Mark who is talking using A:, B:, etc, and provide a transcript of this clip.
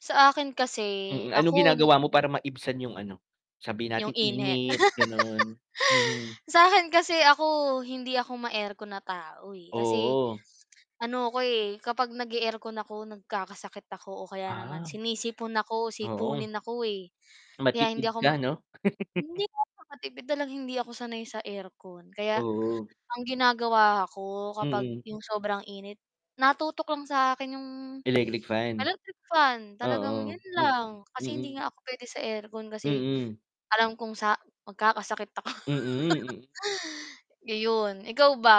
A: Sa akin kasi
B: Mm, ano
A: ako
B: ginagawa mo para maibsan yung ano, sabihin
A: yung
B: nating
A: init.
B: init, ganun. Mhm.
A: Sa akin kasi ako hindi ako ma-aircon na tao, eh. Kasi
B: Oo.
A: ano ako, eh, kapag nag-e-aircon ako, nagkakasakit ako o kaya naman
B: Ah.
A: sinisipon ako,
B: Oo.
A: sipunin ako, eh. Kaya hindi
B: Matipid
A: ako m
B: ka 'no?
A: hindi naman makatipid, talagang hindi ako sanay sa aircon. Kaya
B: Oo.
A: ang ginagawa ko kapag
B: Mm.
A: 'yong sobrang init, natutok lang sa akin 'yong
B: Electric fan.
A: electric fan, talagang
B: Oo.
A: 'yon
B: Mm,
A: lang. Kasi hindi
B: mm.
A: nga ako puwede sa aircon kasi
B: Mm.
A: alam kong sa magkakasakit ako.
B: Mm, mm.
A: Ayun, ikaw ba?